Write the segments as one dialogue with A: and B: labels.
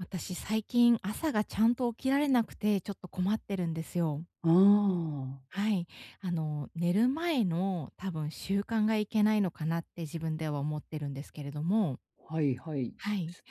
A: 私、最近、朝が、ちゃんと起きられなくて、ちょっと、困ってるんですよ。
B: ああ、ああ。
A: はい。あの、寝る前の、多分、習慣がいけないのかなって、自分では思ってるんですけれども。
B: はいはい。
A: はい。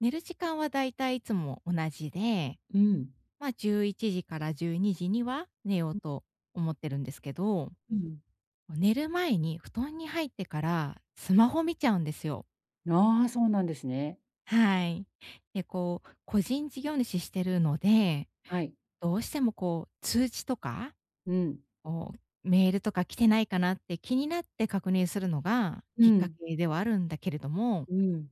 A: 寝る時間は大体いつも同じで、
B: うん。
A: まあ、11時から12時には寝よう
B: ん。
A: と思ってるんですけど。
B: うん。
A: も、寝る前に、布団に入ってから、スマホ見ちゃうんですよ。
B: ああ、そうなんですね。
A: はい。で、こう、個人事業主してるので、
B: はい。
A: どうしても、こう、通知とか、
B: うん。
A: こう、メールとか来てないかなって、気になって確認するのが、
B: う
A: きっか
B: ん。
A: けではあるんだけれども
B: うん。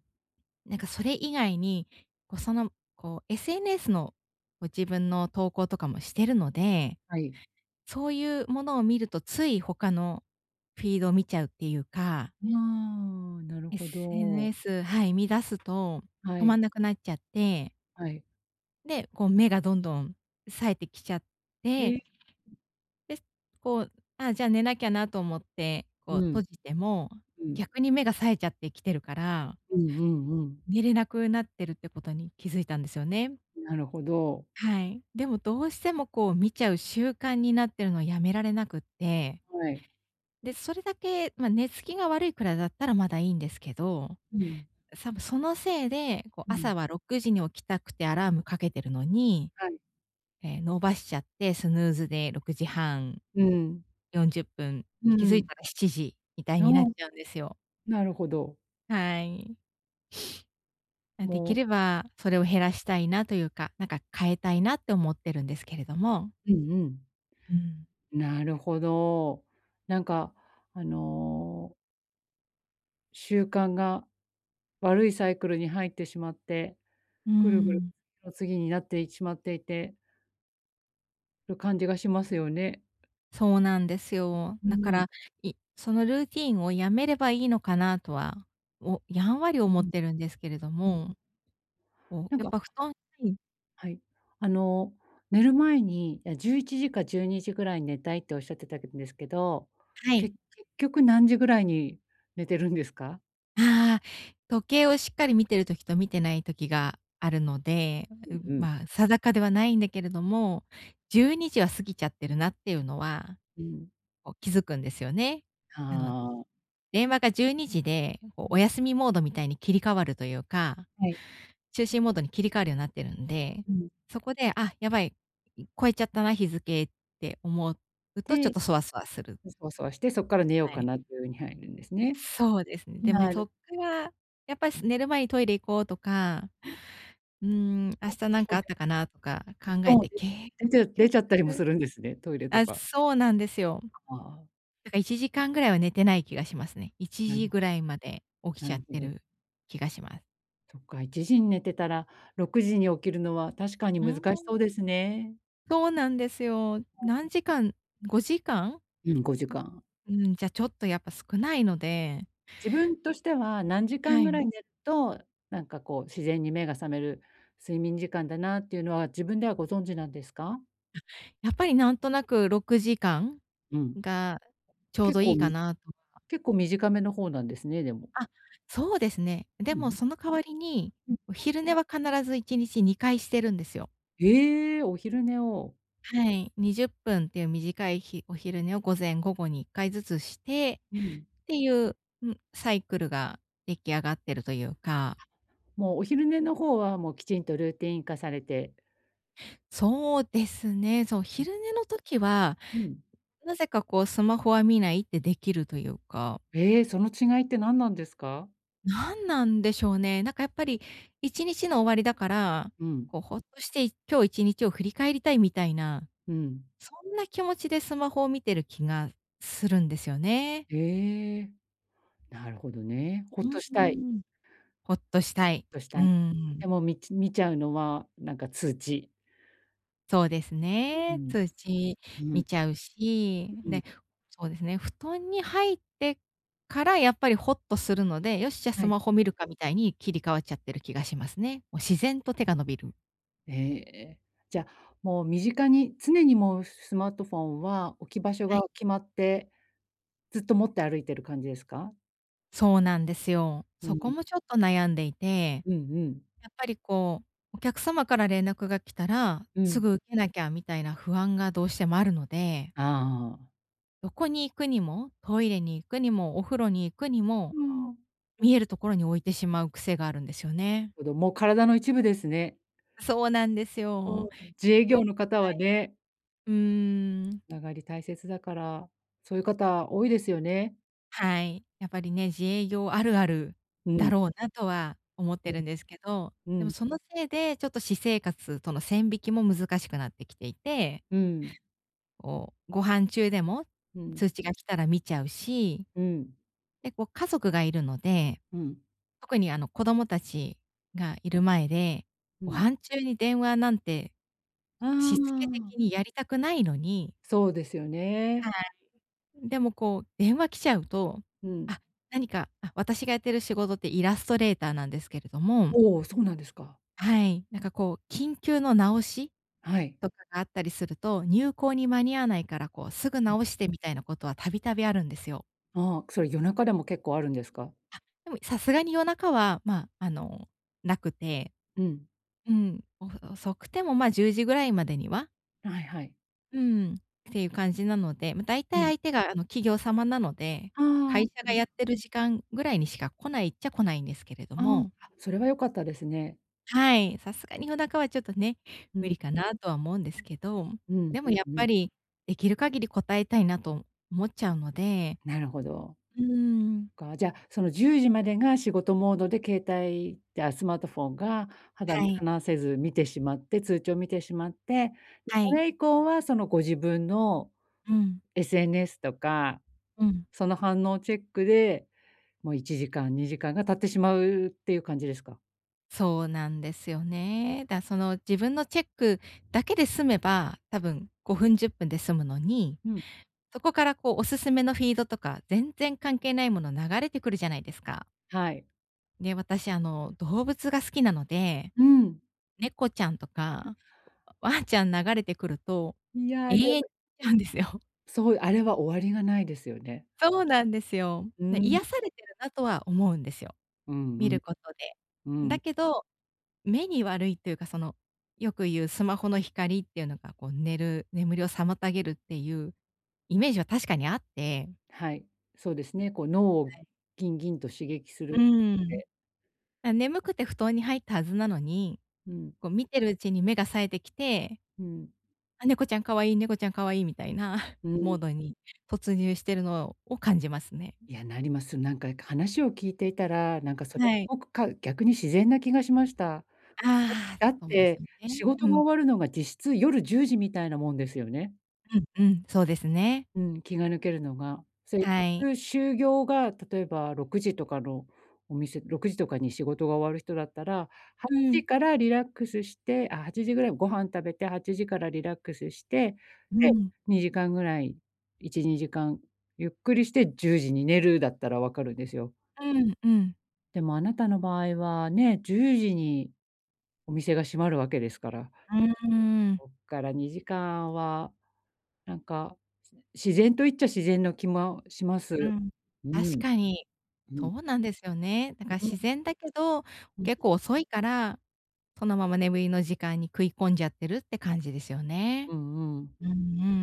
A: なんか、それ以外に、こう、その、こう、SNS の、こう、自分の投稿とかもしてるので、
B: はい。
A: そういうものを見ると、つい、他のフィード見ちゃうっていうか
B: ん、ああ、なるほど。
A: SNS、はい、見出すと、
B: は
A: 止ま
B: い。
A: んなくなっちゃって
B: はい。
A: で、こう目がどんどん冴えてきちゃっ
B: え
A: て。
B: い。
A: で、こう、「ああ、じゃあ寝なきゃな」と思って、こう
B: う
A: 閉
B: ん。
A: じても、
B: うん。
A: 逆に目が冴えちゃってきてるから
B: うんうんうん。
A: 寝れなくなってるってことに気づいたんですよね。
B: なるほど。
A: はい。でもどうしてもこう見ちゃう習慣になってるのをやめられなくって。
B: はい。
A: で、それだけまあ、寝つきが悪いくらいだったらまだいいんですけど、
B: うん。
A: 多分そのせいで、こう
B: うん。
A: 朝は6時に起きたくてアラームかけてるのに。
B: はい。
A: ええ、伸ばしちゃって、スヌーズで6時半
B: うん。
A: 40分、
B: う
A: 気づい
B: ん。
A: たら7時みたい
B: あ
A: にな
B: あ。
A: っちゃうんですよ。
B: なるほど。
A: はい。あ、で
B: も
A: きればそれを
B: ううん。
A: 減らしたいなというか、なんか、変えたいなって思ってるんですけれども
B: うんうん。
A: うん。
B: なるほど。なんか、あの習慣が、悪いサイクルに入ってしまって、
A: うー
B: ぐるぐる
A: ん。
B: の次になってしまっていてる感じがしますよね。
A: そうなんですよ。
B: う
A: なか
B: ん。
A: ら、いそのルーティンをやめればいいのかなとは、おやんわり思
B: う
A: っ
B: ん。
A: てるんですけれど
B: うん、
A: も。
B: う
A: おう、
B: なん
A: やっ
B: か
A: ぱ布団に
B: はい。あの、寝る前に、いや「11時か12時ぐらい寝たい」っておっしゃってたけんですけど、
A: はい。
B: け結局何時ぐらいに寝てるんですか？
A: ああ、時計をしっかり見てる時と見てない時があるので、あ、
B: う
A: う
B: ん
A: ん、
B: うん。
A: まあ、定かではないんだけれども、12時は過ぎちゃってるなっていうのは、
B: うん。
A: こう気付くんですよね。
B: は
A: あの、
B: あ。
A: 電話が12時で、こう
B: う
A: お
B: ん。
A: 休みモードみたいに切り替わるというか、
B: はい。
A: 就寝モードに切り替わるようなってるんで、
B: うん。
A: そこで、あ、やばい、い越えちゃったな、日付って思うとちょっ
B: て、
A: とそわそわする。
B: うソワソワして、そっから寝よう
A: は
B: か
A: い。
B: なっていう風に入るんですね。
A: そうですね。でめ
B: な
A: そっ
B: る
A: から、やっぱす寝る前にトイレ行こうとか、
B: うん。
A: うーん、明
B: あ、
A: 日
B: そ
A: なんか
B: こ
A: あ
B: で
A: ったかなとか
B: お布
A: 考え
B: 団を
A: て
B: 出
A: 結
B: 出ちゃう出
A: 局
B: ちゃったりもするんですね？トイレと
A: あ、
B: か。
A: そうなんですよ。
B: あ、ああ。
A: なんか1時間ぐらいは寝てない気がしますね。いち
B: なる
A: じぐ
B: ほ
A: らいまで起き
B: な
A: ちゃ
B: る
A: っ
B: ほ
A: て
B: ど。
A: る気がしま
B: そっか、1時に寝てたら、6時に起きるのは確かに
A: う
B: 難しそ
A: ん。
B: うですね。
A: そうなんですよ。何時間5時間？う、
B: うん、5時間。
A: うーん、じゃ、ちょっとやっぱ少ないので。
B: 自分としては、何時
A: は
B: 間ぐ
A: い。
B: らい寝と、なんか、こう、自然に目が覚める、睡眠時間だなっていうのは、自分ではご存知なんですか？
A: あ、やっぱり、なんとなく、6時間
B: うん。
A: が、ちょう
B: 結
A: どい
B: 構
A: いか
B: み
A: な、とか。
B: 結構短めの方なんですね、でも。
A: あ、そうですね。で
B: う
A: も
B: ん。
A: その代わりに、
B: うん。
A: お昼寝は必ず1日2回してるんですよ。
B: へえ、お昼寝を。
A: はい。20分っていう短い、ひお昼寝を、午前、午後に1回ずつして、
B: うん。
A: っていう、うん、サイクルが出来上がってるというか。
B: もう、お昼寝の方は、もう、きちんとルーティン化されて。
A: そうですね、そう、
B: うん。
A: 昼寝の時は、
B: うん。
A: なぜか、こう、スマホは見ないってできるというか。
B: へえ、その違いって何なんですか？
A: なんなんでしょうね、なんか、やっぱり、1日の終わりだから、
B: うん。
A: こう、ほっとして、い今日1日を振り返りたい、みたいな、
B: うん。
A: そんな気持ちでスマホを見てる気がするんですよね。
B: へえ、なるほどね。ほ
A: う
B: っとし
A: ー
B: たい。
A: ん。ほっとしたい。
B: ほっとした
A: うー
B: い。
A: ん。
B: でも、みち見ちゃうのは、なんか通知。
A: そうです
B: うう
A: ね。
B: ん。
A: 通知
B: うん。
A: 見ちゃうし、
B: ううん。
A: ね。そうですね、布団に入ってからやっぱりほっとするので、よっしゃ
B: は
A: ス
B: い。
A: マホ見るかみたいに切り替わっちゃってる気がしますね。もう
B: ええ。
A: 自然と手が伸びる。
B: ええ。じゃ、もう身近に、常にもうすスマートフォンは置き場所
A: は
B: が
A: い。
B: 決まって、ずっと持って歩いてる感じですか？
A: そうなんですよ。
B: う
A: そこ
B: ん。
A: もちょっと悩んでいて。
B: うんうん。
A: やっぱりこう、お客様から連絡が来たら、
B: う
A: す
B: ん。
A: ぐ出なきゃみたいな不安がどうしてもあるので。
B: ああああああ。
A: どこに行くにも。トイレに行くにも、お風呂に行くに
B: あ
A: も、
B: あ。
A: 見えるところに置いてしまう癖があるんですよね。
B: おどもう体の一部ですね。
A: そうなんです
B: うん。
A: よ。
B: 自営業
A: よない。
B: の方はね。
A: うーん。
B: ながり大切だから、そういう方多いですよね。
A: はい。やっぱりね、自営業あるある
B: うん。
A: だろうなとは思って
B: う
A: るん
B: ん。
A: ですけど。
B: う
A: でも
B: ん。
A: そのせいで、ちょっと私生活との線引きも難しくなってきていて。
B: うん。
A: おう、ご飯中でも、
B: うん。
A: 通知が来たら見ちゃうし。
B: うん。
A: で、こう家族がいるので。
B: うん。
A: 特にあの、子供達がいる前で、
B: う
A: ご
B: ん。
A: 飯中に電話なんて。
B: あ
A: 躾け
B: あ。
A: 的にやりたくないのに
B: そうですよね。
A: はい。うん、でもこう、電話来ちゃうと。
B: うん。
A: あ、何かあ、私がやってる仕事ってイラストレーターなんですけれども。
B: おお、そうなんですか。
A: はい、なんかこう、緊急の直し
B: はい。
A: とかがあったりすると「入稿に間に合わないから」こう「すぐ
B: うん。
A: 直して」みたいなことは度々あるんですよ。
B: ああ、それ夜中でも結構あるんですか？
A: あ、でも、さすがに夜中はまあ、あの、なくて。
B: うん。
A: うん、お遅くてもまあ、10時ぐらいまでには
B: はいはい。
A: うん、っていう感じなので、まあ、大
B: う
A: 体
B: ん。
A: 相手があの、企業様なので、
B: あ
A: 会
B: あ、
A: 社
B: そう
A: が
B: で
A: や
B: す。
A: ってる時間ぐらいにしか来ないっちゃ来ないんですけれど
B: あ
A: も。
B: あ、それは良かったですね。
A: はい、さすがに夜中はちょっとね、
B: う
A: 無
B: ん。
A: 理かなとは思うんですけど。
B: うん
A: で
B: う
A: もやっ
B: んう
A: ぱ
B: ん。
A: り、出来る限り答えたいなと思っちゃうので。
B: なるほど。
A: うーん。
B: か、じゃあ、その10時までが仕事モードで、携帯あ、スマートフォンが、肌
A: は
B: 身
A: い。
B: 離せず見てしまって、通知を見てしまって、
A: は
B: そ
A: い。
B: れ以降はその、ご自分の
A: うん。
B: SNS とか、
A: うん。
B: その反応チェックで、もう1時間、2時間が経ってしまうっていう感じですか？
A: そうなんですよね。だその自分のチェックだけで済めば、多分5分、10分で済むのに、
B: うん。
A: そこからこうおすすめのフィードとか全然関係ないもの流れてくるじゃないですか。
B: はい。
A: で、私あの、動物が好きなので。
B: うん。
A: 猫ちゃんと
B: うん。
A: か、わんちゃん流れてくると、
B: いや、で
A: 永遠
B: も
A: うんですよ。
B: そう、あれは終わりがないですよね。
A: そうなんですよ。
B: う
A: で、癒
B: ん。
A: されてるなとは思うんですよ。
B: うん
A: 見
B: うん。
A: ることで。
B: う
A: だ
B: ん。
A: けど、目に悪いっていうか、その、よく言うスマホの光っていうのが、こう寝る眠りを妨げるっていうイメージは確かにあって
B: はい、そうですね、こう脳を
A: はい。
B: ギンギンと刺激す
A: う
B: る
A: ー
B: っ
A: ん。
B: て。
A: あ、眠くて布団に入ったはずなのに、
B: うん。
A: こう見てるうちに目が冴えてきて
B: うん。
A: 「あ、猫ちゃん可愛い、猫ちゃん可愛い」みたいな
B: うん。
A: モードに突入してるのをを感じますね。
B: いや、なります。なんか話を聞いていたら、なんかそれ
A: はい。
B: ごくかう逆に自然な気がしました。
A: ああ、
B: だっ
A: そうです
B: て、
A: ね。
B: 仕事
A: う
B: が
A: ん。
B: 終わるのが実質、夜10時みたいなもんですよね。
A: うんうん、そうですね。
B: うん、気が抜けるのが。
A: はい。
B: 就業が例えば6時とかのお店、6時とかに仕事が終わる人だったら、は
A: う
B: ちじ
A: ん。
B: からリラックスしてあ、8時ぐらいにご飯食べて、8時からリラックスして、
A: う
B: で、
A: ん。
B: 2時間ぐらい、1、2時間ゆっくりして10時に寝るだったら分かるんですよ。
A: うん、うん。
B: でもあなたの場合はね、10時に、お店が閉まるわけですから
A: うーん。
B: おっから2時間は、なんか自然と言っちゃ自然の気ま、します。
A: うん。
B: う
A: 確
B: ん。
A: かに。
B: う
A: そ
B: ん。
A: うなんですよね。なんか
B: うん。
A: 自然だけど、
B: うん。
A: 結構遅いから、そのまま眠りの時間に食い込んじゃってるって感じですよ
B: う
A: ね。
B: んうん。
A: うんう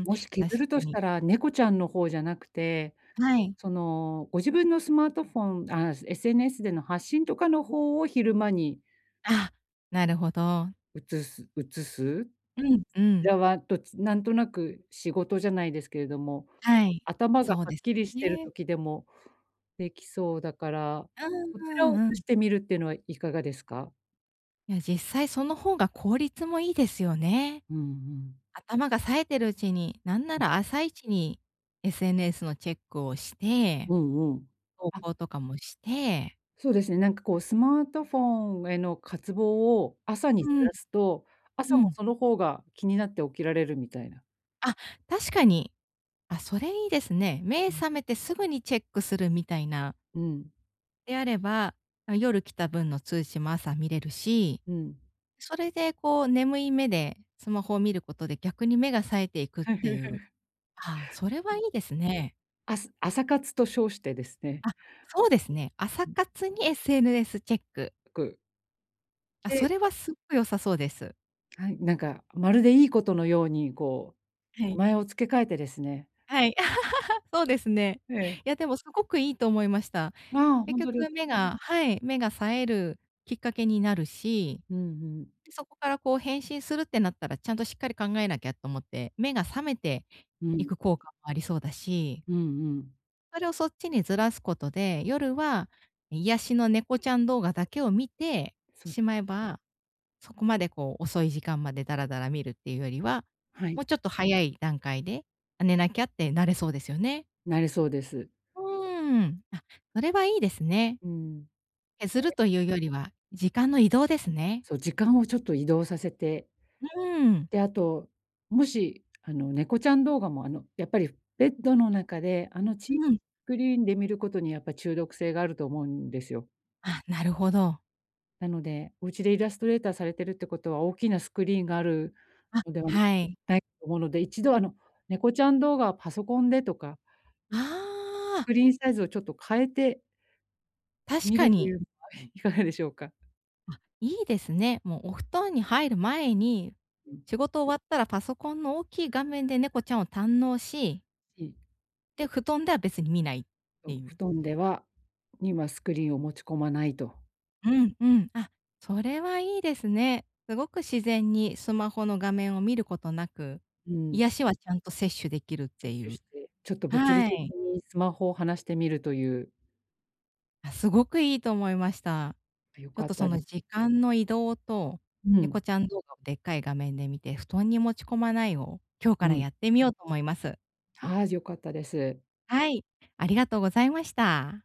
A: ん、
B: もし削
A: 確か
B: るとし
A: に。
B: たら猫ちゃんの方じゃなくて、
A: はい。
B: そのご自分のスマートフォンああ SNS での発信とかの方を昼間に
A: あ、なるほど。
B: うつすうつす。こ
A: うん、う
B: ち
A: ん。
B: らは、どっちなんとなく仕事じゃないですけれども、
A: はい、
B: 頭が
A: そう
B: はっ
A: です
B: きりしてる
A: ね。
B: 時でもできそうだから、
A: うん
B: そち
A: う
B: らをう
A: んう
B: つし
A: ん。
B: てみるっていうのはいかがですか？
A: いや、実際その方が効率もいいですよね。
B: うんうん。
A: 頭が冴えてるうちに、なんな
B: うん。
A: ら朝一に SNS のチェックをして。
B: うんうん。
A: 投
B: あ。
A: 稿とかもして。
B: そうですね、なんか、こうスマートフォンへの渇望を朝にず
A: うん。
B: らすと、朝
A: う
B: も
A: ん。
B: その方が気になって起きられるみたいな。
A: あ、確かに。あ、それいいですね。目
B: うん。
A: 覚めてすぐにチェックするみたいな。
B: うん。
A: であれば、ま、夜来た分の通信も朝見れるし。
B: うん。
A: それで、こう、眠い目でスマホを見ることで、逆に目が冴えていくっていう。ああ、それはいいですね。
B: あす朝活と称してですね。
A: あ、そうですね、朝活に SNS チェック。
B: っく
A: あ、
B: で
A: それはすごい良さそうです。
B: はい、なんか、まるでいいことのように、こ
A: は
B: う
A: い。
B: 名前を付け替えてですね。
A: はい、そうですね。
B: ええ。
A: いや、でもすごくいいと思いました。
B: ああ、
A: 結
B: 本当です
A: 局目がはい、目が冴えるきっかけになるし。
B: うんうん。
A: そこからこう返信するってなったら、ちゃんとしっかり考えなきゃと思って、目が覚めて
B: う
A: い
B: ん。
A: く効果もありそうだし。
B: うんうん。
A: あれを、そっちにずらすことで、夜は癒しの猫ちゃん動画だけを観て しまえば、そこまで、こう、遅い時間まで、だらだら観るっていうよりは、
B: はい。
A: もうちょっと早い段階で、「あ、寝なきゃ」ってなれそうですよね。
B: なれそうです。
A: うーん。あ、それはいいですね。
B: うーん。
A: 削るというよりは、時間の移動ですね。
B: そう、時間をちょっと移動させて。
A: うん。
B: で、あと、もし、あの、猫ちゃん動画も、あの、やっぱり、ベッドの中で、あの、ちい
A: うん。
B: クリーンで観ることに、やっぱ、中毒性があると思うんですよ。
A: あ、なるほど。
B: なので、お家でイラストレーターされてるってことは、大きなスクリーンがある
A: あ、
B: のでは
A: はい。
B: ないと思うので、一度、あの猫ちゃん動画はパソコンでとか
A: あ
B: ス
A: あ。
B: クリーンサイズをちょっと変えて
A: 確
B: 観
A: か
B: ると
A: に。
B: いうのはいかがでしょうか？
A: あ、いいですね。もう、お布団に入る前に、
B: うん。
A: 仕事終わったらパソコンの大きい画面で猫ちゃんを堪能し
B: うん。
A: で、布団では別に観ないっ てい
B: 布
A: う。
B: 団ではには、スクリーンを持ち込まないと。
A: うんうん、あ、それはいいですね。すごく自然にスマホの画面を観ることなく、
B: うん。
A: 癒しはちゃんと摂取できるっていう。
B: ちょっと、物理
A: は
B: 的
A: い。
B: にスマホを離してみるという。
A: あ、すごくいいと思いました。
B: 良
A: ちょっ
B: か
A: と、
B: っ
A: そ
B: たで
A: の、時間の移動と、
B: う
A: 猫
B: ん。
A: ちゃん動画をでっかい画面で観て、布団に持ち込まない、を、今日
B: う
A: から
B: ん。
A: やってみようと思います。
B: ああ、じゃあ、良かったです。
A: はい、ありがとうございました。